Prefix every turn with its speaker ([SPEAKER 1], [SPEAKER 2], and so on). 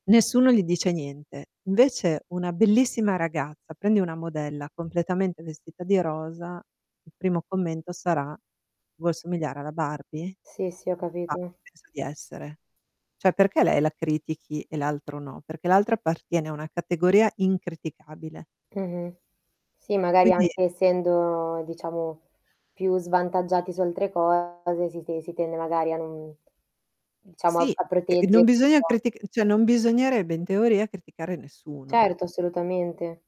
[SPEAKER 1] Nessuno gli dice niente. Invece una bellissima ragazza, prendi una modella completamente vestita di rosa, il primo commento sarà: "Vuoi assomigliare alla Barbie?"
[SPEAKER 2] Sì, sì, ho
[SPEAKER 1] Ma
[SPEAKER 2] capito.
[SPEAKER 1] chi pensa di essere? Cioè perché lei la critichi e l'altro no? Perché l'altra appartiene a una categoria incriticabile.
[SPEAKER 2] Mh-mh. Sì, magari
[SPEAKER 1] Quindi
[SPEAKER 2] anche essendo diciamo più svantaggiati su altre cose si te si tende magari a non diciamo a
[SPEAKER 1] Sì,
[SPEAKER 2] a
[SPEAKER 1] c non
[SPEAKER 2] proteggere
[SPEAKER 1] bisogna
[SPEAKER 2] [unintelligible]
[SPEAKER 1] critic cioè non bisognerebbe in teoria criticare nessuno.
[SPEAKER 2] Certo, assolutamente.